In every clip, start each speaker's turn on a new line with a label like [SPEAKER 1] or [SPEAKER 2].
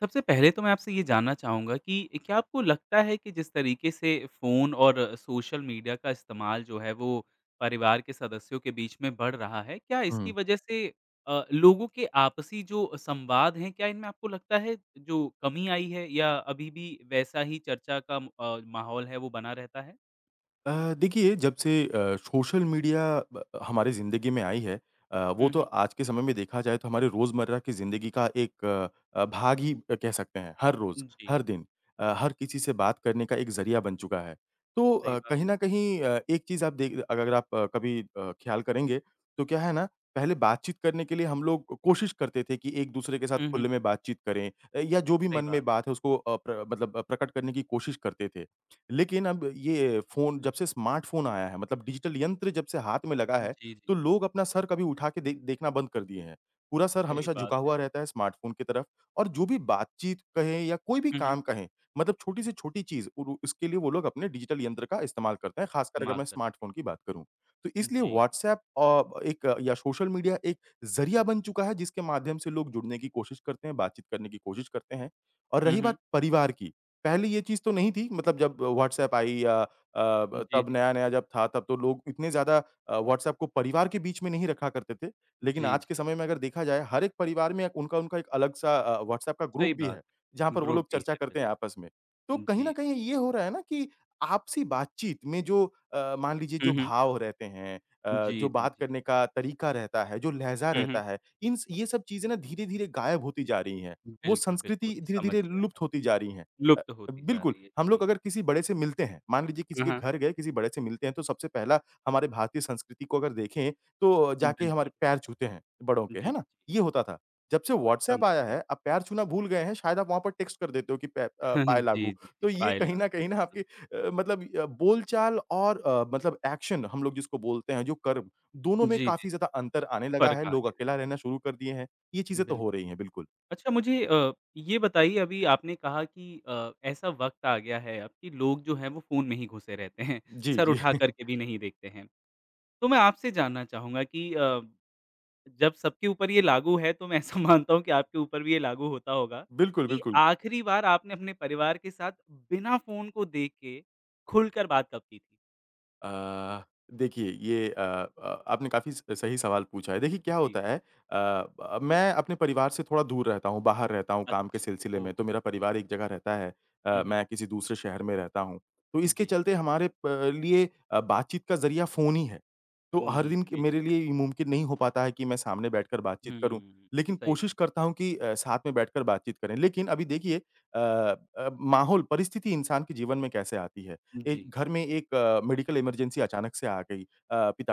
[SPEAKER 1] सबसे पहले तो मैं आपसे ये जानना चाहूँगा कि क्या आपको लगता है कि जिस तरीके से फ़ोन और सोशल मीडिया का इस्तेमाल जो है, वो परिवार के सदस्यों के बीच में बढ़ रहा है, क्या इसकी
[SPEAKER 2] हुँ।
[SPEAKER 1] वज़ह से अ, लोगों के आपसी जो संवाद हैं, क्या इनमें आपको लगता है जो कमी आई है या अभी-भी वैसा ही चर्चा का म अ, माहौल है, वो बना रहता है?
[SPEAKER 2] अ, देखिए जब से अ, सोशल मीडिया ब हमारे ज़िंदगी में आई है अ, वो
[SPEAKER 1] हुँ,
[SPEAKER 2] तो
[SPEAKER 1] हुँ।
[SPEAKER 2] आज के समय में देखा जाए तो हमारे रोज़मर्रा की ज़िंदगी का एक अ, भाग ही कह सकते हैं, हर रोज़,
[SPEAKER 1] जी।
[SPEAKER 2] हर दिन अ, हर किसी से बात करने का एक ज़रिया बन चुका है, तो
[SPEAKER 1] सही
[SPEAKER 2] अ,
[SPEAKER 1] बात
[SPEAKER 2] कहीं
[SPEAKER 1] है।
[SPEAKER 2] न कहीं अ, एक चीज़ आप देख अगर आप अ, कभी अ, ख़्याल करेंगे तो क्या है ना, पहले बातचीत करने के लिए हम लोग कोशिश करते थे कि एक-दूसरे के साथ
[SPEAKER 1] हुँ, हुँ।
[SPEAKER 2] खुले में बातचीत करें या जो भी
[SPEAKER 1] सही
[SPEAKER 2] मन
[SPEAKER 1] बात।
[SPEAKER 2] में बात है उसको अ, प्र मतलब प्रकट करने की कोशिश करते थे, लेकिन अब ये फ़ोन जब से स्मार्टफ़ोन आया है मतलब डिजिटल यंत्र जब से हाथ में लगा है,
[SPEAKER 1] जी,
[SPEAKER 2] तो
[SPEAKER 1] जी।
[SPEAKER 2] लोग अपना सर कभी उठा के देख देखना बंद कर दिए हैं, पूरा सर
[SPEAKER 1] सही
[SPEAKER 2] हमेशा
[SPEAKER 1] बात
[SPEAKER 2] झुका
[SPEAKER 1] है।
[SPEAKER 2] हुआ रहता है स्मार्टफ़ोन की तरफ़ और जो भी बातचीत कहें या कोई भी
[SPEAKER 1] हुँ, हुँ।
[SPEAKER 2] काम कहें मतलब छोटी से छोटी चीज़ उर उसके लिए वो लोग अपने डिजिटल यंत्र का इस्तेमाल करते हैं, ख़ासकर अगर
[SPEAKER 1] कमाल
[SPEAKER 2] मैं
[SPEAKER 1] करते हैं।
[SPEAKER 2] स्मार्टफ़ोन की बात करूँ। तो इसलिए
[SPEAKER 1] जी।
[SPEAKER 2] व्हाट्सऐप अ, एक या सोशल मीडिया एक ज़रिया बन चुका है जिसके माध्यम से लोग जुड़ने की कोशिश करते हैं, बातचीत करने की कोशिश करते हैं और
[SPEAKER 1] हुँ,
[SPEAKER 2] रही
[SPEAKER 1] हुँ।
[SPEAKER 2] बात परिवार की, पहले ये चीज़ तो नहीं थी, मतलब जब व्हाट्सऐप आई या अ, ब
[SPEAKER 1] जी,
[SPEAKER 2] तब
[SPEAKER 1] जी।
[SPEAKER 2] नया-नया जब था तो लोग इतने ज़्यादा अ, व्हाट्सऐप को परिवार के बीच में नहीं रखा करते थे, लेकिन
[SPEAKER 1] जी,
[SPEAKER 2] आज के
[SPEAKER 1] जी।
[SPEAKER 2] समय में अगर देखा जाए हर एक परिवार में अ, उनका उनका एक अलग-सा अ, व्हाट्सऐप का ग्रुप
[SPEAKER 1] सही
[SPEAKER 2] भी है,
[SPEAKER 1] बात,
[SPEAKER 2] जहाँ पर वो
[SPEAKER 1] ग्रुप
[SPEAKER 2] लोग
[SPEAKER 1] भी
[SPEAKER 2] चर्चा
[SPEAKER 1] है,
[SPEAKER 2] करते हैं आपस
[SPEAKER 1] बिल्कुल।
[SPEAKER 2] में, तो कहीं न
[SPEAKER 1] जी स
[SPEAKER 2] कहीं ये हो रहा है ना कि आपसी बातचीत में जो अ, मान लीजिए
[SPEAKER 1] हुँ,
[SPEAKER 2] जो
[SPEAKER 1] हुँ।
[SPEAKER 2] भाव रहते हैं अ,
[SPEAKER 1] जी,
[SPEAKER 2] जो
[SPEAKER 1] जी,
[SPEAKER 2] बात
[SPEAKER 1] जी।
[SPEAKER 2] करने का तरीका रहता है, जो लहज़ा
[SPEAKER 1] हुँ,
[SPEAKER 2] रहता
[SPEAKER 1] हुँ।
[SPEAKER 2] है, इनस ये सब चीज़ें ना धीरे-धीरे गायब होती जा रही हैं, वो
[SPEAKER 1] बिल्कुल, बिल्कुल।
[SPEAKER 2] संस्कृति
[SPEAKER 1] समझ
[SPEAKER 2] धीरे-धीरे
[SPEAKER 1] गया
[SPEAKER 2] लुप्त
[SPEAKER 1] मैं,
[SPEAKER 2] होती जा रही हैं अ,
[SPEAKER 1] लुप्त होती जा
[SPEAKER 2] बिल्कुल
[SPEAKER 1] रही है।
[SPEAKER 2] हम लोग
[SPEAKER 1] जी।
[SPEAKER 2] अगर किसी बड़े से मिलते हैं, मान लीजिए किसी
[SPEAKER 1] हाँ,
[SPEAKER 2] के
[SPEAKER 1] हाँ।
[SPEAKER 2] घर गए किसी बड़े से मिलते हैं, तो सबसे पहला हमारे भारतीय संस्कृति को अगर देखें तो जाके हमारे
[SPEAKER 1] बिल्कुल।
[SPEAKER 2] पैर छूते हैं बड़ों
[SPEAKER 1] जी,
[SPEAKER 2] के,
[SPEAKER 1] जी।
[SPEAKER 2] है ना? ये होता था, जब से व्हाट्सऐप
[SPEAKER 1] समझ
[SPEAKER 2] आया
[SPEAKER 1] गया।
[SPEAKER 2] है, अब पैर छूना भूल गए हैं शायद वहाँ पर टेक्स्ट कर देते हो कि पै अ, पाऐ लागू,
[SPEAKER 1] जी, जी, जी।
[SPEAKER 2] तो ये
[SPEAKER 1] पाए
[SPEAKER 2] कहीं न
[SPEAKER 1] लागू,
[SPEAKER 2] कहीं ना
[SPEAKER 1] बिल्कुल।
[SPEAKER 2] आपके अ, मतलब बोलचाल और अ, मतलब एक्शन हम लोग जिसको बोलते हैं, जो कर दोनों
[SPEAKER 1] जी,
[SPEAKER 2] में
[SPEAKER 1] जी, जी।
[SPEAKER 2] काफ़ी ज़्यादा अंतर आने लगा
[SPEAKER 1] फर्क
[SPEAKER 2] है,
[SPEAKER 1] आ
[SPEAKER 2] लोग
[SPEAKER 1] गया
[SPEAKER 2] अकेला
[SPEAKER 1] है।
[SPEAKER 2] रहना शुरू कर दिए हैं, ये चीज़ें तो हो
[SPEAKER 1] बिल्कुल।
[SPEAKER 2] रही हैं, बिल्कुल।
[SPEAKER 1] अच्छा मुझे अ, ये बताइए अभी आपने कहा कि अ, ऐसा वक़्त आ गया है अब कि लोग जो हैं वो फ़ोन में ही घुसे रहते हैं,
[SPEAKER 2] जी,
[SPEAKER 1] सर
[SPEAKER 2] जी।
[SPEAKER 1] उठाकर के भी नहीं देखते हैं, तो मैं आपसे जानना चाहूँगा कि अ, जब सबके ऊपर ये लागू है, तो मैं ऐसा मानता हूँ कि आपके ऊपर भी ये लागू होता होगा
[SPEAKER 2] बिल्कुल,
[SPEAKER 1] कि
[SPEAKER 2] बिल्कुल।
[SPEAKER 1] आखिरी बार आपने अपने परिवार के साथ बिना फ़ोन को देख के, खुलकर बात कब की थी?
[SPEAKER 2] अ, देखिए ये अ अ, आपने काफ़ी स सही सवाल पूछा है, देखिए क्या
[SPEAKER 1] जी।
[SPEAKER 2] होता है अ, ब मैं अपने परिवार से थोड़ा दूर रहता हूँ, बाहर रहता हूँ काम के
[SPEAKER 1] अच्छा।
[SPEAKER 2] सिलसिले में, तो
[SPEAKER 1] ओहो!
[SPEAKER 2] मेरा परिवार एक जगह रहता है अ,
[SPEAKER 1] हुँ, हुँ।
[SPEAKER 2] मैं किसी दूसरे शहर में रहता हूँ, तो इसके
[SPEAKER 1] जी।
[SPEAKER 2] चलते हमारे प लिए अ, बातचीत का ज़रिया फ़ोन ही है, तो
[SPEAKER 1] फोन
[SPEAKER 2] हर
[SPEAKER 1] ही है,
[SPEAKER 2] दिन क मेरे
[SPEAKER 1] बेशक।
[SPEAKER 2] लिए ये मुमकिन नहीं हो पाता है कि मैं सामने बैठकर बातचीत करूँ,
[SPEAKER 1] हुँ।
[SPEAKER 2] लेकिन
[SPEAKER 1] सही बात।
[SPEAKER 2] कोशिश करता हूँ कि अ, साथ में बैठकर बातचीत करें, लेकिन अभी देखिए अ अ, माहौल परिस्थिति इंसान के जीवन में कैसे आती है ए,
[SPEAKER 1] जी।
[SPEAKER 2] घर में एक मेडिकल इमरजेंसी अचानक से आ गई अ,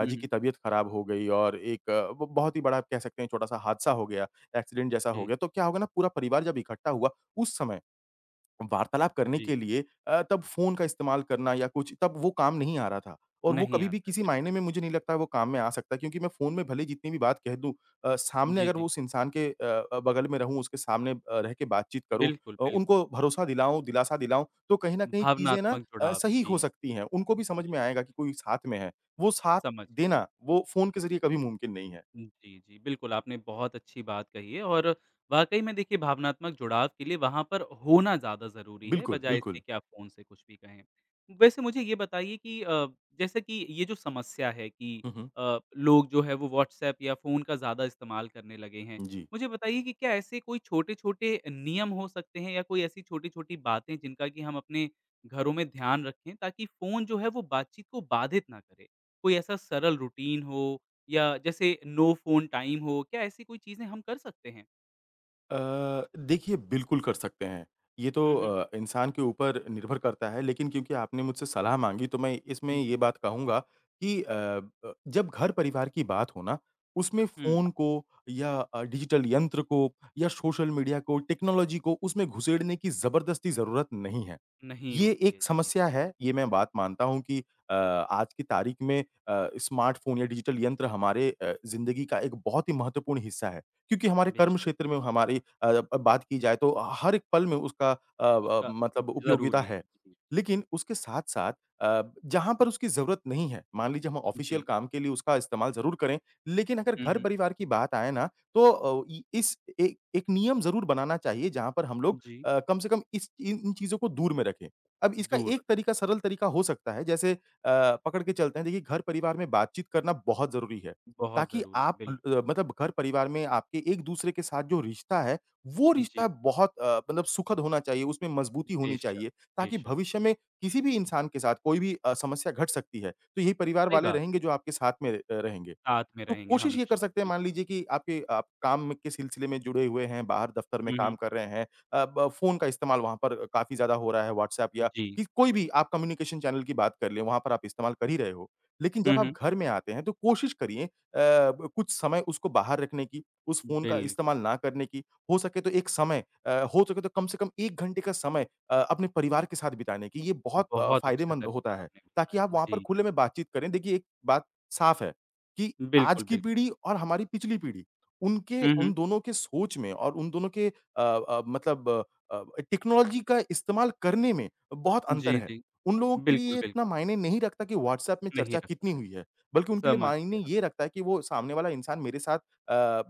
[SPEAKER 1] हुँ,
[SPEAKER 2] की
[SPEAKER 1] हुँ।
[SPEAKER 2] तबीयत खराब हो गई और एक ब बहुत ही बड़ा कह सकते हैं ये छोटा सा हादसा हो गया, एक्सीडेंट जैसा हो
[SPEAKER 1] जी।
[SPEAKER 2] गया, तो क्या होगा ना पूरा परिवार जब इकट्ठा हुआ, उस समय वार्तालाप करने के
[SPEAKER 1] जी।
[SPEAKER 2] लिए अ, तब फ़ोन का इस्तेमाल करना या कुछ, तब वो काम नहीं आ रहा था और वो
[SPEAKER 1] नहीं
[SPEAKER 2] कभी-भी
[SPEAKER 1] आता है,
[SPEAKER 2] किसी मायने
[SPEAKER 1] बिल्कुल।
[SPEAKER 2] में मुझे नहीं लगता वो काम में आ सकता है, क्योंकि मैं फ़ोन में भले जितनी भी बात कह दूँ अ, सामने
[SPEAKER 1] जी,
[SPEAKER 2] अगर वो
[SPEAKER 1] जी।
[SPEAKER 2] उस इंसान के अ अ, बगल में रहूँ, उसके सामने अ, रह के बातचीत करूँ
[SPEAKER 1] बिल्कुल,
[SPEAKER 2] अ,
[SPEAKER 1] बिल्कुल।
[SPEAKER 2] उनको भरोसा दिलाऊँ, दिलासा दिलाऊँ, तो कहीं न कहीं चीज़ें ना
[SPEAKER 1] भावनात्मक
[SPEAKER 2] अ,
[SPEAKER 1] जुड़ाव,
[SPEAKER 2] सही
[SPEAKER 1] जी।
[SPEAKER 2] हो सकती हैं, उनको भी समझ में
[SPEAKER 1] बिल्कुल।
[SPEAKER 2] आएगा कि कोई साथ में है, वो साथ
[SPEAKER 1] समझ गया।
[SPEAKER 2] देना, वो फ़ोन के ज़रिए कभी मुमकिन नहीं है।
[SPEAKER 1] जी, जी। बिल्कुल, आपने बहुत अच्छी बात कही है और वाक़ई में देखिए भावनात्मक जुड़ाव के लिए वहाँ पर होना ज़्यादा ज़रूरी है,
[SPEAKER 2] बिल्कुल,
[SPEAKER 1] बजाए इससे
[SPEAKER 2] बिल्कुल।
[SPEAKER 1] कि आप फ़ोन से कुछ भी कहें, वैसे मुझे ये बताइए कि अ, जैसे कि ये जो समस्या है कि
[SPEAKER 2] हुँ, हुँ।
[SPEAKER 1] अ, लोग जो है वो व्हाट्सऐप या फ़ोन का ज़्यादा इस्तेमाल करने लगे हैं,
[SPEAKER 2] जी।
[SPEAKER 1] मुझे बताइए कि क्या ऐसे कोई छोटे-छोटे नियम हो सकते हैं या कोई ऐसी छोटी-छोटी बातें हैं, जिनका कि हम अपने घरों में ध्यान रखें ताकि फ़ोन जो है वो बातचीत को बाधित ना करे? कोई ऐसा सरल रूटीन हो या जैसे नो फ़ोन टाइम हो, क्या ऐसी कोई चीज़ें हम कर सकते हैं?
[SPEAKER 2] अ, देखिए बिल्कुल कर सकते हैं, ये तो
[SPEAKER 1] हुँ, हुँ।
[SPEAKER 2] अ, इंसान के ऊपर निर्भर करता है लेकिन क्योंकि आपने मुझसे सलाह माँगी तो मैं
[SPEAKER 1] उ,
[SPEAKER 2] इसमें ये
[SPEAKER 1] जी।
[SPEAKER 2] बात कहूँगा कि अ, ब जब घर-परिवार की बात हो ना, उसमें
[SPEAKER 1] हुँ।
[SPEAKER 2] फ़ोन को या अ, डिजिटल यंत्र को या सोशल मीडिया को, टेक्नोलॉज़ी को उसमें घुसेड़ने की ज़बरदस्ती ज़रूरत नहीं है,
[SPEAKER 1] नहीं
[SPEAKER 2] ये
[SPEAKER 1] होती
[SPEAKER 2] एक
[SPEAKER 1] है।
[SPEAKER 2] समस्या
[SPEAKER 1] जी।
[SPEAKER 2] है। ये मैं बात मानता हूँ कि अ, आज की तारीख में अ, स्मार्टफ़ोन या डिजिटल यंत्र हमारे अ, ज़िंदगी का एक बहुत ही महत्वपूर्ण हिस्सा है क्योंकि हमारे कर्म
[SPEAKER 1] बेशक।
[SPEAKER 2] क्षेत्र में हमारी अ, ब बात की जाए तो हर एक पल में उसका अ अ,
[SPEAKER 1] उसका
[SPEAKER 2] मतलब उपयोगीता
[SPEAKER 1] ज़रूरी है।
[SPEAKER 2] है,
[SPEAKER 1] जी, जी।
[SPEAKER 2] लेकिन उसके साथ-साथ अ, जहाँ पर उसकी ज़रूरत नहीं है, मान लीजिए हम ऑफ़िशियल
[SPEAKER 1] जी।
[SPEAKER 2] काम के लिए उसका इस्तेमाल ज़रूर करें, लेकिन अगर
[SPEAKER 1] हुँ, हुँ।
[SPEAKER 2] घर-परिवार की बात आए ना, तो अ, इ इस ए एक नियम ज़रूर बनाना चाहिए, जहाँ पर हम
[SPEAKER 1] हुँ,
[SPEAKER 2] लोग
[SPEAKER 1] जी।
[SPEAKER 2] अ, कम से कम इस इन इन चीज़ों को दूर में रखें। अब इसका
[SPEAKER 1] दूर
[SPEAKER 2] एक
[SPEAKER 1] रखें।
[SPEAKER 2] तरीका सरल तरीका हो सकता है, जैसे अ, पकड़ के चलते हैं देखिए घर-परिवार में बातचीत करना बहुत ज़रूरी है,
[SPEAKER 1] बहुत
[SPEAKER 2] ताकि
[SPEAKER 1] ज़रूरी है,
[SPEAKER 2] आप
[SPEAKER 1] बिल्कुल।
[SPEAKER 2] ल मतलब घर-परिवार में आपके एक-दूसरे के साथ जो रिश्ता है, वो
[SPEAKER 1] उ, जी।
[SPEAKER 2] रिश्ता बहुत अ, मतलब सुखद होना चाहिए, उसमें मज़बूती होनी
[SPEAKER 1] बेशक,
[SPEAKER 2] चाहिए, ताकि
[SPEAKER 1] बेशक।
[SPEAKER 2] भविष्य में किसी भी इंसान के साथ कोई भी अ, समस्या घट सकती है, तो यही परिवार
[SPEAKER 1] सही
[SPEAKER 2] वाले
[SPEAKER 1] बात है।
[SPEAKER 2] रहेंगे जो आपके साथ में अ, रहेंगे,
[SPEAKER 1] साथ में
[SPEAKER 2] तो
[SPEAKER 1] रहेंगे
[SPEAKER 2] कोशिश ये कर
[SPEAKER 1] हमेशा,
[SPEAKER 2] सकते हैं, मान
[SPEAKER 1] बिल्कुल।
[SPEAKER 2] लीजिए कि आपके आप काम के सिलसिले में जुड़े हुए हैं, बाहर दफ़्तर में
[SPEAKER 1] हुँ,
[SPEAKER 2] काम
[SPEAKER 1] हुँ।
[SPEAKER 2] कर रहे हैं अ, ब फ़ोन का इस्तेमाल वहाँ पर अ, काफ़ी ज़्यादा हो रहा है व्हाट्सएप या
[SPEAKER 1] जी।
[SPEAKER 2] कि कोई भी आप कम्युनिकेशन चैनल की बात कर लें वहाँ पर आप इस्तेमाल कर ही रहे हो, लेकिन
[SPEAKER 1] हुँ,
[SPEAKER 2] जब आप
[SPEAKER 1] हुँ।
[SPEAKER 2] घर में आते हैं तो कोशिश करिए अ, ब कुछ समय उसको बाहर रखने की, उस फ़ोन का इस्तेमाल
[SPEAKER 1] बिल्कुल।
[SPEAKER 2] ना करने की, हो सके तो एक समय अ, हो सके तो कम से कम 1 घंटे का समय अ, अपने परिवार के साथ बिताने की, ये बहुत अ,
[SPEAKER 1] बहुत अच्छा
[SPEAKER 2] फ़ायदेमंद होता
[SPEAKER 1] तरीका
[SPEAKER 2] है,
[SPEAKER 1] आपने
[SPEAKER 2] ताकि आप
[SPEAKER 1] बताया।
[SPEAKER 2] वहाँ पर
[SPEAKER 1] जी।
[SPEAKER 2] खुले में बातचीत करें। देखिए एक बात साफ़ है कि आज
[SPEAKER 1] बिल्कुल,
[SPEAKER 2] की
[SPEAKER 1] बिल्कुल।
[SPEAKER 2] पीढ़ी और हमारी पिछली पीढ़ी, उनके
[SPEAKER 1] हुँ,
[SPEAKER 2] उन
[SPEAKER 1] हुँ।
[SPEAKER 2] दोनों के सोच में और उन दोनों के अ अ, मतलब अ, टेक्नोलॉज़ी का इस्तेमाल करने में बहुत अंतर
[SPEAKER 1] जी,
[SPEAKER 2] है,
[SPEAKER 1] जी।
[SPEAKER 2] उन लोगों के लिए
[SPEAKER 1] बिल्कुल,
[SPEAKER 2] ये इतना
[SPEAKER 1] बिल्कुल।
[SPEAKER 2] मायने नहीं रखता कि व्हाट्सएप में
[SPEAKER 1] नहीं
[SPEAKER 2] चर्चा कितनी
[SPEAKER 1] रखा है।
[SPEAKER 2] हुई है, बल्कि उनके लिए
[SPEAKER 1] समझ
[SPEAKER 2] मायने
[SPEAKER 1] गया।
[SPEAKER 2] ये रखता है कि वो सामने वाला इंसान मेरे साथ अ,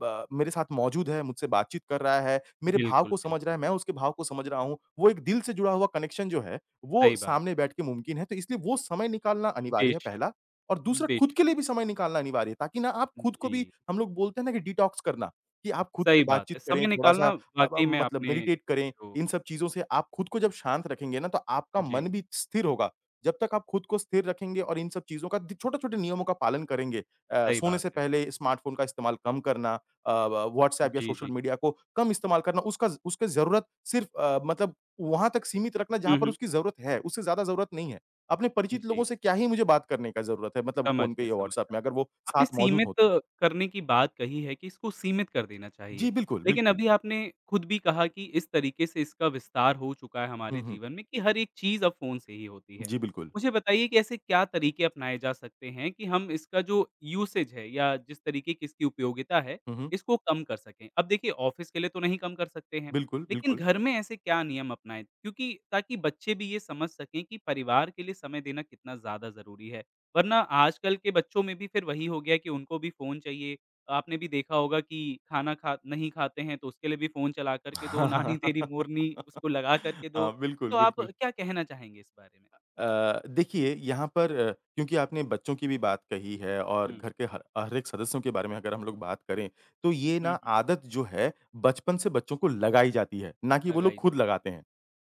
[SPEAKER 2] ब मेरे साथ मौजूद है, मुझसे बातचीत कर रहा है, मेरे भाव
[SPEAKER 1] बिल्कुल,
[SPEAKER 2] को समझ रहा
[SPEAKER 1] बिल्कुल।
[SPEAKER 2] है, मैं उसके भाव को समझ रहा हूँ, वो एक दिल से जुड़ा हुआ कनेक्शन जो है वो
[SPEAKER 1] सही बात।
[SPEAKER 2] सामने बैठ के मुमकिन है, तो इसलिए वो समय निकालना अनिवार्य है
[SPEAKER 1] बेशक।
[SPEAKER 2] पहला और दूसरा खुद के
[SPEAKER 1] बेशक।
[SPEAKER 2] लिए भी समय निकालना अनिवार्य है ताकि ना आप खुद को भी
[SPEAKER 1] जी।
[SPEAKER 2] हम लोग बोलते हैं ना कि डिटॉक्स करना, कि आप खुद से
[SPEAKER 1] सही बात
[SPEAKER 2] बातचीत
[SPEAKER 1] है,
[SPEAKER 2] करें,
[SPEAKER 1] समय
[SPEAKER 2] थोड़ा-सा
[SPEAKER 1] निकालना
[SPEAKER 2] अ, ब
[SPEAKER 1] वाक़ई में
[SPEAKER 2] मतलब
[SPEAKER 1] आपने
[SPEAKER 2] मेडिटेट करें,
[SPEAKER 1] जो
[SPEAKER 2] इन सब चीज़ों से आप खुद को जब शांत रखेंगे ना तो आपका मन
[SPEAKER 1] जी।
[SPEAKER 2] भी स्थिर होगा, जब तक आप खुद को स्थिर रखेंगे और इन सब चीज़ों का दी छोटे-छोटे नियमों का पालन करेंगे अ,
[SPEAKER 1] सही
[SPEAKER 2] सोने
[SPEAKER 1] बात
[SPEAKER 2] से
[SPEAKER 1] है।
[SPEAKER 2] पहले स्मार्टफ़ोन का इस्तेमाल कम करना, अ, ब व्हाट्सएप या
[SPEAKER 1] जी,
[SPEAKER 2] सोशल
[SPEAKER 1] जी।
[SPEAKER 2] मीडिया को कम इस्तेमाल करना उसका उसके ज़रूरत सिर्फ़ अ, मतलब वहाँ तक सीमित रखना जहाँ
[SPEAKER 1] हुँ,
[SPEAKER 2] पर
[SPEAKER 1] हुँ।
[SPEAKER 2] उसकी ज़रूरत है, उससे ज़्यादा ज़रूरत नहीं है, अपने परिचित
[SPEAKER 1] जी।
[SPEAKER 2] लोगों से क्या ही मुझे बात करने का ज़रूरत है मतलब
[SPEAKER 1] समझ
[SPEAKER 2] फ़ोन पे
[SPEAKER 1] गया
[SPEAKER 2] या
[SPEAKER 1] समझ
[SPEAKER 2] व्हाट्सएप
[SPEAKER 1] गया।
[SPEAKER 2] में, अगर वो
[SPEAKER 1] आपने
[SPEAKER 2] साथ मौजूद
[SPEAKER 1] सीमित
[SPEAKER 2] हों तो?
[SPEAKER 1] करने की बात कही है कि इसको सीमित कर देना
[SPEAKER 2] जी।
[SPEAKER 1] चाहिए,
[SPEAKER 2] बिल्कुल,
[SPEAKER 1] लेकिन
[SPEAKER 2] बिल्कुल।
[SPEAKER 1] अभी आपने खुद भी कहा कि इस तरीके से इसका विस्तार हो चुका है
[SPEAKER 2] हुँ,
[SPEAKER 1] हमारे
[SPEAKER 2] हुँ।
[SPEAKER 1] जीवन में कि हर एक चीज़ अब फ़ोन से ही होती है,
[SPEAKER 2] जी बिल्कुल।
[SPEAKER 1] मुझे बताइए कि ऐसे क्या तरीके अपनाए जा सकते हैं कि हम इसका जो यूसेज़ है या जिस तरीके कि इसकी उपयोगिता है,
[SPEAKER 2] हुँ, हुँ।
[SPEAKER 1] इसको कम कर सकें? अब देखिए ऑफ़िस के लिए तो नहीं कम कर सकते हैं,
[SPEAKER 2] बिल्कुल,
[SPEAKER 1] लेकिन
[SPEAKER 2] बिल्कुल।
[SPEAKER 1] घर में ऐसे क्या नियम अपनाएँ क्योंकि ताकि बच्चे भी ये समझ सकें कि परिवार के लिए समय देना कितना ज़्यादा ज़रूरी है, वरना आजकल के बच्चों में भी फिर वही हो गया है कि उनको भी फ़ोन चाहिए, आपने भी देखा होगा कि खाना खा नहीं खाते हैं तो उसके लिए भी फ़ोन चला कर के दो, नानी तेरी मोरनी, उसको लगा कर के दो,
[SPEAKER 2] हाँ। बिल्कुल,
[SPEAKER 1] तो आप
[SPEAKER 2] बिल्कुल।
[SPEAKER 1] क्या कहना चाहेंगे इस बारे में?
[SPEAKER 2] अ अ, देखिए यहाँ पर अ, क्योंकि आपने बच्चों की भी बात कही है और
[SPEAKER 1] हुँ।
[SPEAKER 2] घर के ह हर एक सदस्यों के बारे में अगर हम लोग बात करें, तो ये ना
[SPEAKER 1] हुँ, हुँ।
[SPEAKER 2] आदत जो है बचपन से बच्चों को लगाई जाती है, ना कि वो लोग
[SPEAKER 1] लगाई
[SPEAKER 2] खुद
[SPEAKER 1] जाती है।
[SPEAKER 2] लगाते हैं,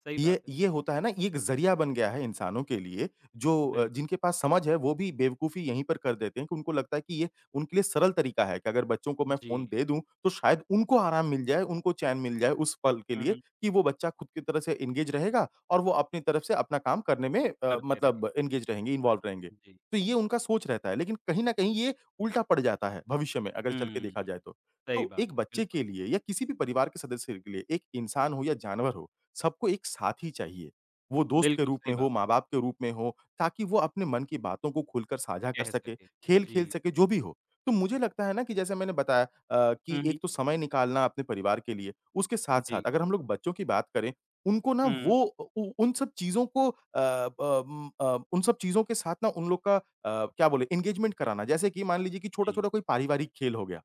[SPEAKER 1] सही
[SPEAKER 2] ये
[SPEAKER 1] बात है।
[SPEAKER 2] ये होता है ना, ये एक ज़रिया बन गया है इंसानों के लिए जो अ,
[SPEAKER 1] बिल्क
[SPEAKER 2] जिनके पास समझ है वो भी बेवकूफ़ी यहीं पर कर देते हैं कि उनको लगता है कि ये उनके लिए सरल तरीका है कि अगर बच्चों को मैं फ़ोन
[SPEAKER 1] जी।
[SPEAKER 2] दे दूँ, तो शायद उनको आराम मिल जाए, उनको चैन मिल जाए उस पल के
[SPEAKER 1] हुँ,
[SPEAKER 2] लिए
[SPEAKER 1] हुँ।
[SPEAKER 2] कि वो बच्चा खुद की तरह से इंगेज रहेगा। और वो अपनी तरफ़ से अपना काम करने में अ,
[SPEAKER 1] करते रहें।
[SPEAKER 2] मतलब इंगेज रहेंगे, इन्वॉल्व रहेंगे,
[SPEAKER 1] हुँ, जी।
[SPEAKER 2] तो ये उनका सोच रहता है लेकिन कहीं न कहीं ये उल्टा पड़ जाता है भविष्य में अगर चल के
[SPEAKER 1] हुँ,
[SPEAKER 2] देखा जाए तो।
[SPEAKER 1] सही
[SPEAKER 2] तो
[SPEAKER 1] बात
[SPEAKER 2] एक
[SPEAKER 1] है,
[SPEAKER 2] बच्चे के
[SPEAKER 1] बिल्कुल।
[SPEAKER 2] लिए या किसी भी परिवार के सदस्य के लिए, एक इंसान हो या जानवर हो, सबको एक साथी चाहिए, वो दोस्त के
[SPEAKER 1] बिल्कुल,
[SPEAKER 2] रूप में
[SPEAKER 1] सही बात
[SPEAKER 2] हो,
[SPEAKER 1] है।
[SPEAKER 2] माँ-बाप के रूप में हो, ताकि वो अपने मन की बातों को खुलकर साझा कर
[SPEAKER 1] कह
[SPEAKER 2] सके,
[SPEAKER 1] सकते हैं।
[SPEAKER 2] खेल खेल
[SPEAKER 1] जी।
[SPEAKER 2] सके, जो भी हो। तो मुझे लगता है ना कि जैसे मैंने बताया अ, कि
[SPEAKER 1] हुँ, हुँ।
[SPEAKER 2] एक तो समय निकालना अपने परिवार के लिए, उसके साथ-साथ
[SPEAKER 1] जी।
[SPEAKER 2] अगर हम लोग बच्चों की बात करें, उनको ना
[SPEAKER 1] हुँ।
[SPEAKER 2] वो उ उन सब चीज़ों को अ, ब उम, अ, उन सब चीज़ों के साथ ना उन लोग का अ, क्या बोले इंगेज़मेंट कराना, जैसे कि मान लीजिए कि
[SPEAKER 1] जी।
[SPEAKER 2] छोटा-छोटा कोई पारिवारिक खेल हो गया,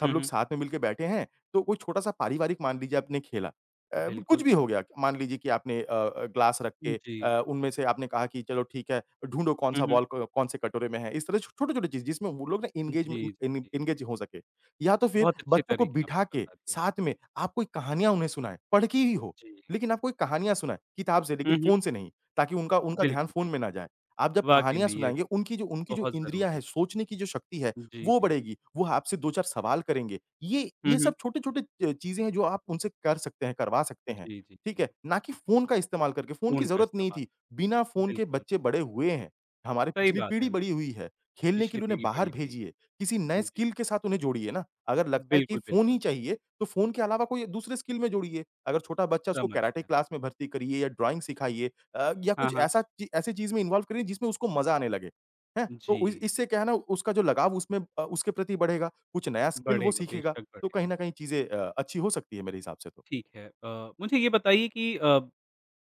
[SPEAKER 2] सब
[SPEAKER 1] हुँ,
[SPEAKER 2] लोग
[SPEAKER 1] हुँ।
[SPEAKER 2] साथ में मिलके बैठे हैं तो कोई छोटा-सा पारिवारिक मान लीजिए आपने खेला, अब कुछ
[SPEAKER 1] बिल्कुल।
[SPEAKER 2] भी हो गया क मान लीजिए कि आपने अ अ, गिलास रख
[SPEAKER 1] उ,
[SPEAKER 2] के
[SPEAKER 1] जी।
[SPEAKER 2] अ, उनमें से आपने कहा कि चलो ठीक है, ढूँढो
[SPEAKER 1] हुँ,
[SPEAKER 2] कौन-सा
[SPEAKER 1] हुँ।
[SPEAKER 2] बॉल क कौन-से कटोरे में है, इस तरह छोटे-छोटे चीज़, जिसमें वो लोग ना
[SPEAKER 1] जी,
[SPEAKER 2] इंगेजमे इन इन
[SPEAKER 1] जी, जी।
[SPEAKER 2] इंगेज़ हो सकें या तो फिर
[SPEAKER 1] बहुत अच्छे
[SPEAKER 2] बच्चों को
[SPEAKER 1] तरीके
[SPEAKER 2] बिठा
[SPEAKER 1] आपने
[SPEAKER 2] के
[SPEAKER 1] बता दिए।
[SPEAKER 2] साथ में, आप कोई कहानियाँ उन्हें सुनाएँ, पढ़ के ही हो,
[SPEAKER 1] जी।
[SPEAKER 2] लेकिन आप कोई कहानियाँ सुनाएँ, किताब से
[SPEAKER 1] हुँ,
[SPEAKER 2] लेकिन
[SPEAKER 1] हुँ।
[SPEAKER 2] फ़ोन से नहीं ताकि उनका उनका ध्यान
[SPEAKER 1] बिल्कुल,
[SPEAKER 2] फ़ोन में ना
[SPEAKER 1] बिल्कुल।
[SPEAKER 2] जाए। आप जब
[SPEAKER 1] वाक़ई
[SPEAKER 2] कहानियाँ
[SPEAKER 1] में ये
[SPEAKER 2] सुनाएँगे, उनकी जो उनकी जो
[SPEAKER 1] बहुत
[SPEAKER 2] इंद्रियाँ
[SPEAKER 1] ज़रूरी
[SPEAKER 2] हैं,
[SPEAKER 1] है।
[SPEAKER 2] सोचने की जो शक्ति है
[SPEAKER 1] हुँ, जी,
[SPEAKER 2] वो
[SPEAKER 1] जी।
[SPEAKER 2] बढ़ेगी, वो आपसे 2-4 सवाल करेंगे, ये
[SPEAKER 1] हुँ,
[SPEAKER 2] ये
[SPEAKER 1] हुँ।
[SPEAKER 2] सब छोटे-छोटे अ, चीज़ें हैं जो आप उनसे कर सकते हैं, करवा सकते हैं,
[SPEAKER 1] जी, जी,
[SPEAKER 2] ठीक है?
[SPEAKER 1] जी।
[SPEAKER 2] ना कि फ़ोन का इस्तेमाल करके, फ़ोन की
[SPEAKER 1] फ़ोन का
[SPEAKER 2] ज़रूरत नहीं
[SPEAKER 1] इस्तेमाल।
[SPEAKER 2] थी, बिना फ़ोन के
[SPEAKER 1] बिल्कुल।
[SPEAKER 2] बच्चे बड़े हुए हैं, हमारी
[SPEAKER 1] सही
[SPEAKER 2] पिछली
[SPEAKER 1] बात
[SPEAKER 2] पीढ़ी
[SPEAKER 1] है,
[SPEAKER 2] बड़ी हुई है, खेलने के
[SPEAKER 1] पिछली
[SPEAKER 2] लिए उन्हें
[SPEAKER 1] पीढ़ी
[SPEAKER 2] बाहर
[SPEAKER 1] बड़ी हुई है।
[SPEAKER 2] भेजिए, किसी नए
[SPEAKER 1] हुँ, जी।
[SPEAKER 2] स्किल के साथ उन्हें जोड़िए ना, अगर लगता है कि
[SPEAKER 1] बिल्कुल,
[SPEAKER 2] फ़ोन
[SPEAKER 1] बिल्कुल।
[SPEAKER 2] ही चाहिए तो फ़ोन के अलावा कोई एक दूसरे स्किल में जोड़िए, अगर छोटा बच्चा उसको
[SPEAKER 1] समझ
[SPEAKER 2] कैराटे
[SPEAKER 1] गया।
[SPEAKER 2] क्लास में भर्ती करिए या ड्राइंग सिखाइए अ, या
[SPEAKER 1] हाँ,
[SPEAKER 2] कुछ
[SPEAKER 1] हाँ।
[SPEAKER 2] ऐसा ची ऐसी चीज़ में इन्वॉल्व करें जिसमें उसको मज़ा आने लगे ह तो इ
[SPEAKER 1] जी।
[SPEAKER 2] इससे क्या है ना, उसका जो लगाव उसमें अ, उसके प्रति बढ़ेगा, कुछ नया स्किल वो
[SPEAKER 1] बढ़ेगा,
[SPEAKER 2] सीखेगा,
[SPEAKER 1] बेशक
[SPEAKER 2] तो कहीं
[SPEAKER 1] बढ़ेगा।
[SPEAKER 2] न कहीं चीज़ें अ, अच्छी हो सकती हैं मेरे हिसाब से तो।
[SPEAKER 1] ठीक है अ, मुझे ये बताइए कि अ,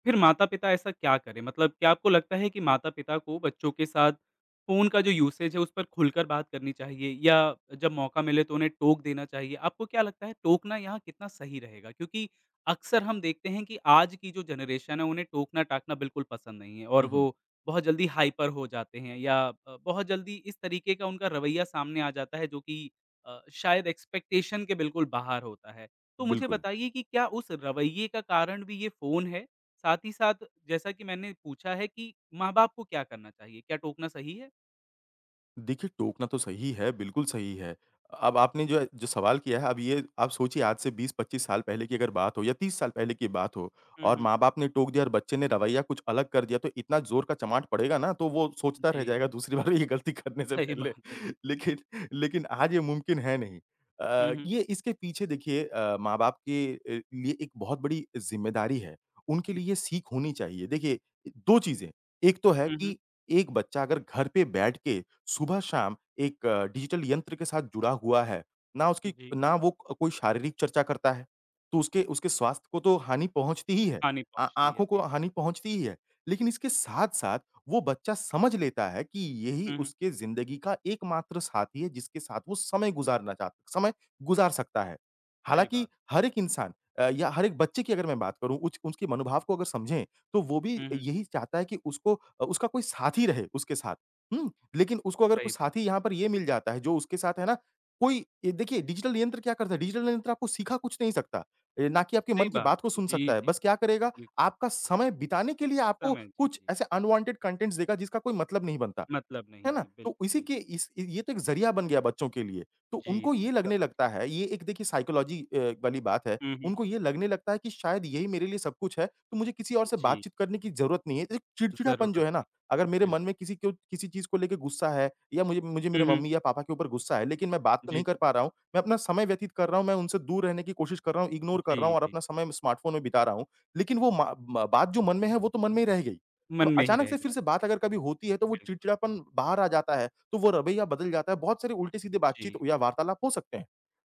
[SPEAKER 1] फिर माता-पिता ऐसा क्या करें? मतलब क्या आपको लगता है कि माता-पिता को बच्चों के साथ फ़ोन का जो यूसेज़ है जो उस पर खुलकर बात करनी चाहिए या जब मौका मिले तो उन्हें टोक देना चाहिए, आपको क्या लगता है टोकना यहाँ कितना सही रहेगा? क्योंकि अक्सर हम देखते हैं कि आज की जो जनरेशन है उन्हें टोकना-टाकना बिल्कुल पसंद नहीं है और
[SPEAKER 2] हुँ,
[SPEAKER 1] वो
[SPEAKER 2] हुँ।
[SPEAKER 1] बहुत जल्दी हाइपर हो जाते हैं या अ, बहुत जल्दी इस तरीके का उनका रवैया सामने आ जाता है जो कि अ, शायद एक्सपेक्टेशन के बिल्कुल बाहर होता है, तो मुझे
[SPEAKER 2] बिल्कुल।
[SPEAKER 1] बताइए कि क्या उस रवैये का कारण भी ये फ़ोन है? साथ ही साथ जैसा कि मैंने पूछा है कि माँ-बाप को क्या करना चाहिए? क्या टोकना सही है?
[SPEAKER 2] देखिए, टोकना तो सही है, बिल्कुल सही है अ, अब आपने जो है जो सवाल किया है अब ये आप सोचिए आज से 20-25 साल पहले की अगर बात हो या 30 साल पहले की बात हो
[SPEAKER 1] हुँ,
[SPEAKER 2] और
[SPEAKER 1] हुँ।
[SPEAKER 2] माँ-बाप ने टोक दिया और बच्चे ने रवैया कुछ अलग कर दिया, तो इतना ज़ोर का चमाट पड़ेगा ना, तो वो सोचता रह
[SPEAKER 1] जी।
[SPEAKER 2] जाएगा दूसरी बार ये गलती करने से
[SPEAKER 1] सही
[SPEAKER 2] पहले,
[SPEAKER 1] बात है, बिल्कुल।
[SPEAKER 2] लेकिन लेकिन आज ये मुमकिन है नहीं।
[SPEAKER 1] हुँ,
[SPEAKER 2] अ,
[SPEAKER 1] हुँ।
[SPEAKER 2] ये इसके पीछे देखिए अ, माँ-बाप के अ, लिए एक बहुत बड़ी ज़िम्मेदारी है, उनके
[SPEAKER 1] [unintelligible]
[SPEAKER 2] लिए ये सीख होनी चाहिए, देखिए अ, 2 चीज़ें, एक तो है
[SPEAKER 1] हुँ, हुँ।
[SPEAKER 2] कि एक बच्चा अगर घर पे बैठ के सुबह-शाम एक डिजिटल यंत्र के साथ जुड़ा हुआ है, ना उसकी
[SPEAKER 1] जी।
[SPEAKER 2] ना वो क कोई शारीरिक चर्चा करता है, तो उसके उसके स्वास्थ्य को तो हानि पहुँचती ही है
[SPEAKER 1] हानि
[SPEAKER 2] अ,
[SPEAKER 1] पहुँचती है,
[SPEAKER 2] आँखों को
[SPEAKER 1] जी।
[SPEAKER 2] हानि पहुँचती ही है, लेकिन इसके साथ-साथ वो बच्चा समझ लेता है कि, यही
[SPEAKER 1] हुँ, हुँ।
[SPEAKER 2] उसके ज़िंदगी का एकमात्र साथी है, जिसके साथ वो समय गुज़ारना चाह समय गुज़ार सकता है।
[SPEAKER 1] सही
[SPEAKER 2] हालाँकि
[SPEAKER 1] बात।
[SPEAKER 2] हर एक इंसान अ, या हर एक बच्चे की अगर मैं बात करूँ, उच उसके मनोभाव को अगर समझें, तो वो भी
[SPEAKER 1] हुँ, हुँ।
[SPEAKER 2] यही चाहता है कि उसको अ, उसका कोई साथी रहे उसके साथ, हुँ। लेकिन उसको अगर कोई
[SPEAKER 1] सही बात
[SPEAKER 2] साथी
[SPEAKER 1] है।
[SPEAKER 2] यहाँ पर ये मिल जाता है जो उसके साथ है ना, कोई ये देखिए डिजिटल यंत्र क्या करता है, डिजिटल यंत्र आपको सिखा कुछ नहीं सकता अ, ना कि आपके मन
[SPEAKER 1] सही
[SPEAKER 2] की
[SPEAKER 1] बात।
[SPEAKER 2] बात को सुन
[SPEAKER 1] जी,
[SPEAKER 2] सकता है,
[SPEAKER 1] जी,
[SPEAKER 2] बस
[SPEAKER 1] जी।
[SPEAKER 2] क्या करेगा?
[SPEAKER 1] जी।
[SPEAKER 2] आपका समय बिताने के लिए आपको
[SPEAKER 1] समय जी,
[SPEAKER 2] कुछ
[SPEAKER 1] जी।
[SPEAKER 2] ऐसे अनवांटेड कंटेंट्स देगा जिसका कोई मतलब नहीं बनता,
[SPEAKER 1] मतलब
[SPEAKER 2] है
[SPEAKER 1] नहीं
[SPEAKER 2] ना?
[SPEAKER 1] है।
[SPEAKER 2] तो
[SPEAKER 1] बिल्कुल,
[SPEAKER 2] इसी
[SPEAKER 1] बिल्कु
[SPEAKER 2] के इस ये तो एक ज़रिया बन गया बच्चों के लिए, तो
[SPEAKER 1] जी,
[SPEAKER 2] उनको ये
[SPEAKER 1] जी।
[SPEAKER 2] लगने
[SPEAKER 1] समझ
[SPEAKER 2] लगता
[SPEAKER 1] गया।
[SPEAKER 2] है ये एक देखिए साइकोलॉजी अ, वाली बात है,
[SPEAKER 1] हुँ, हुँ।
[SPEAKER 2] उनको ये लगने लगता है कि शायद यही मेरे लिए सब कुछ है, तो मुझे किसी और से
[SPEAKER 1] जी।
[SPEAKER 2] बातचीत करने की ज़रूरत नहीं है, एक चिड़चिड़ापन जो
[SPEAKER 1] ज़रूरत
[SPEAKER 2] है ना अगर
[SPEAKER 1] नहीं।
[SPEAKER 2] मेरे
[SPEAKER 1] बिल
[SPEAKER 2] मन में किसी को किसी चीज़ को लेके गुस्सा है या मुझे मुझे मेरे
[SPEAKER 1] हुँ, हुँ।
[SPEAKER 2] मम्मी या पापा के ऊपर गुस्सा है। लेकिन मैं बात तो
[SPEAKER 1] जी,
[SPEAKER 2] नहीं कर
[SPEAKER 1] जी।
[SPEAKER 2] पा रहा हूँ, मैं अपना समय व्यतीत कर रहा हूँ, मैं उनसे दूर रहने की कोशिश कर रहा हूँ, इग्नोर कर रहा
[SPEAKER 1] जी,
[SPEAKER 2] हूँ और
[SPEAKER 1] जी।
[SPEAKER 2] अपना समय म स्मार्टफ़ोन में बिता रहा हूँ, लेकिन वो मा मा बात जो मन में है वो तो मन में ही रह गई, अब
[SPEAKER 1] मन में ही
[SPEAKER 2] अचानक
[SPEAKER 1] रह
[SPEAKER 2] से फिर से
[SPEAKER 1] जाती
[SPEAKER 2] बात
[SPEAKER 1] है,
[SPEAKER 2] अगर कभी होती है तो वो
[SPEAKER 1] बिल्कुल।
[SPEAKER 2] चिड़चिड़ापन बाहर आ जाता है, तो वो रवैया बदल जाता है, बहुत सारे उल्टे-सीधे बातचीत
[SPEAKER 1] जी।
[SPEAKER 2] या वार्तालाप हो सकते हैं,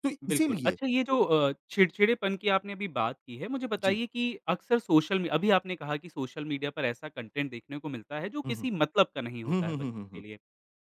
[SPEAKER 2] तो
[SPEAKER 1] बिल्कुल।
[SPEAKER 2] इसीलिए
[SPEAKER 1] अच्छा, ये जो अ, चिड़चिड़ेपन की आपने अभी बात की है, मुझे
[SPEAKER 2] जी।
[SPEAKER 1] बताइए कि अक्सर सोशल मी अभी आपने कहा कि सोशल मीडिया पर ऐसा कंटेंट देखने को मिलता है, जो
[SPEAKER 2] हुँ, हुँ।
[SPEAKER 1] किसी मतलब का नहीं
[SPEAKER 2] हुँ,
[SPEAKER 1] होता है
[SPEAKER 2] हुँ, हुँ,
[SPEAKER 1] बच्चों
[SPEAKER 2] हुँ,
[SPEAKER 1] के
[SPEAKER 2] हुँ।
[SPEAKER 1] लिए।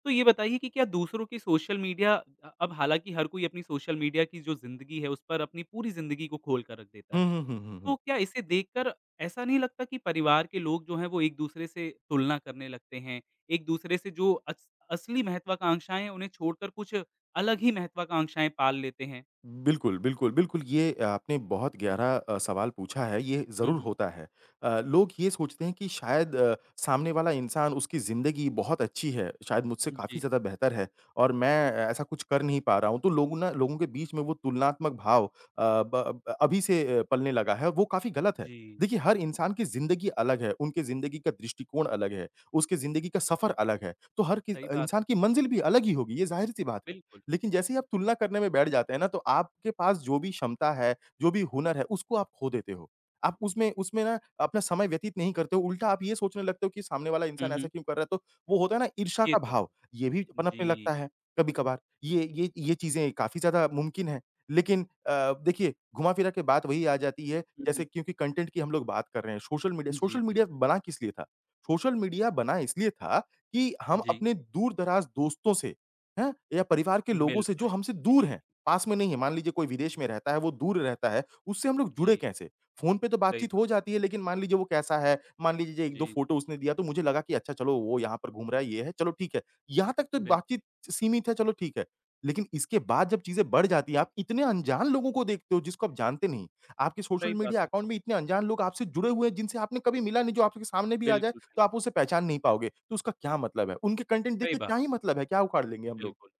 [SPEAKER 1] तो ये बताइए कि क्या दूसरों की सोशल मीडिया अ, अब हालाँकि हर कोई अपनी सोशल मीडिया की जो ज़िंदगी है, उस पर अपनी पूरी ज़िंदगी को खोल कर रख देता
[SPEAKER 2] हुँ,
[SPEAKER 1] है,
[SPEAKER 2] हुँ, हुँ, हुँ,
[SPEAKER 1] तो
[SPEAKER 2] हुँ।
[SPEAKER 1] क्या इसे देखकर ऐसा नहीं लगता कि परिवार के लोग जो हैं, वो एक-दूसरे से तुलना करने लगते हैं, एक-दूसरे से जो अस असली महत्वाकांक्षाएँ हैं, उन्हें छोड़कर कुछ अलग ही महत्वाकांक्षाएँ पाल लेते हैं?
[SPEAKER 2] बिल्कुल, बिल्कुल, बिल्कुल। ये आपने बहुत गहरा अ, सवाल पूछा है, ये
[SPEAKER 1] हुँ,
[SPEAKER 2] ज़रूर
[SPEAKER 1] हुँ।
[SPEAKER 2] होता है अ, लोग ये सोचते हैं कि शायद अ, सामने वाला इंसान, उसकी ज़िंदगी बहुत अच्छी है, शायद मुझसे
[SPEAKER 1] जी।
[SPEAKER 2] काफ़ी ज़्यादा बेहतर है और मैं ऐसा कुछ कर नहीं पा रहा हूँ, तो लोगों ना लोगों के बीच में वो तुलनात्मक भाव अ, ब ब अभी से अ, पलने लगा है, वो काफ़ी ग़लत है।
[SPEAKER 1] जी।
[SPEAKER 2] देखिए, हर इंसान की ज़िंदगी अलग है, उनकी ज़िंदगी का दृष्टिकोण अलग है, उसकी ज़िंदगी का सफ़र अलग है, तो हर कि
[SPEAKER 1] सही बात
[SPEAKER 2] इंसान
[SPEAKER 1] है।
[SPEAKER 2] की मंज़िल भी अलग ही होगी, ये ज़ाहिर-सी बात है,
[SPEAKER 1] बिल्कुल।
[SPEAKER 2] लेकिन जैसे ही आप तुलना करने में बैठ जाते हैं ना, तो आपके पास जो भी क्षमता है, जो भी हुनर है, उसको आप खो देते हो। आप उसमें उसमें ना अपना समय व्यतीत नहीं करते हो, उल्टा आप ये सोचने लगते हो कि सामने वाला
[SPEAKER 1] हुँ,
[SPEAKER 2] इंसान ऐसा
[SPEAKER 1] हुँ।
[SPEAKER 2] क्यों कर रहा है? तो वो होता है ना ईर्ष्या
[SPEAKER 1] ये
[SPEAKER 2] का
[SPEAKER 1] तो
[SPEAKER 2] भाव,
[SPEAKER 1] है।
[SPEAKER 2] ये भी पनपने
[SPEAKER 1] जी।
[SPEAKER 2] लगता है कभी-कभार, ये ये ये चीज़ें काफ़ी ज़्यादा मुमकिन हैं। लेकिन अ, देखिए घुमा-फिरा के बात वही आ जाती है,
[SPEAKER 1] हुँ, हुँ।
[SPEAKER 2] जैसे क्योंकि कंटेंट की हम लोग बात कर रहे हैं, सोशल मीडिया
[SPEAKER 1] हुँ। जी,
[SPEAKER 2] सोशल
[SPEAKER 1] जी।
[SPEAKER 2] मीडिया बना किस लिए था? सोशल मीडिया बना इसलिए था कि, हम
[SPEAKER 1] जी।
[SPEAKER 2] अपने दूर-दराज़ दोस्तों से, हैं? या परिवार के लोगों
[SPEAKER 1] मिल
[SPEAKER 2] से, जो
[SPEAKER 1] पाएँ।
[SPEAKER 2] हमसे दूर
[SPEAKER 1] जी।
[SPEAKER 2] हैं, पास में नहीं है मान लीजिए कोई विदेश में रहता है, वो दूर रहता है, उससे हम लोग जुड़े
[SPEAKER 1] जी।
[SPEAKER 2] कैसे? फ़ोन पे तो
[SPEAKER 1] सही
[SPEAKER 2] बातचीत हो
[SPEAKER 1] बात।
[SPEAKER 2] जाती है लेकिन मान लीजिए वो कैसा है, मान लीजिए जो 1-2
[SPEAKER 1] जी।
[SPEAKER 2] फ़ोटो उसने दिया, तो मुझे लगा कि, अच्छा चलो, वो यहाँ पर घूम रहा है, ये है, चलो ठीक है, यहाँ तक तो
[SPEAKER 1] बिल्कुल।
[SPEAKER 2] बातचीत सीमित है, चलो ठीक है। लेकिन इसके बाद जब चीज़ें बढ़ जाती हैं, आप इतने अनजान लोगों को देखते हो, जिसको आप जानते नहीं, आपके सोशल
[SPEAKER 1] सही बात
[SPEAKER 2] मीडिया
[SPEAKER 1] है।
[SPEAKER 2] अकाउंट में इतने अनजान लोग आपसे जुड़े हुए हैं, जिनसे आपने कभी मिला नहीं, जो आपके सामने भी आ जाए,
[SPEAKER 1] बिल्कुल, बिल्कु
[SPEAKER 2] तो आप उसे पहचान नहीं पाओगे, तो उसका क्या मतलब है? उनके कंटेंट देख
[SPEAKER 1] सही
[SPEAKER 2] के
[SPEAKER 1] बा
[SPEAKER 2] क्या ही मतलब है? क्या उखाड़ लेंगे हम लोग?
[SPEAKER 1] बिल्कुल।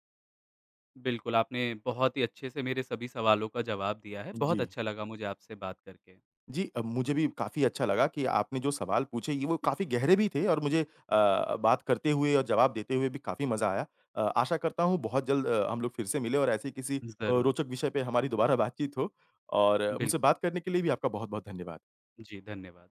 [SPEAKER 1] बिल्कुल, आपने बहुत ही अच्छे से मेरे सभी सवालों का जवाब दिया है, बहुत
[SPEAKER 2] जी।
[SPEAKER 1] अच्छा लगा मुझे आपसे बात करके।
[SPEAKER 2] जी अ, मुझे भी काफ़ी अच्छा लगा कि आपने जो सवाल पूछे ये वो काफ़ी गहरे भी थे और मुझे अ,
[SPEAKER 1] जी।
[SPEAKER 2] बात करते हुए और जवाब देते हुए भी काफ़ी मज़ा आया। अ, आशा करता हूँ बहुत जल्द अ, हम लोग फिर से मिले और ऐसे किसी अ,
[SPEAKER 1] ज़रूर।
[SPEAKER 2] रोचक विषय पे हमारी दोबारा बातचीत हो और
[SPEAKER 1] बिल्क
[SPEAKER 2] मुझसे बात करने के लिए भी आपका बहुत-बहुत धन्यवाद।
[SPEAKER 1] जी, धन्यवाद।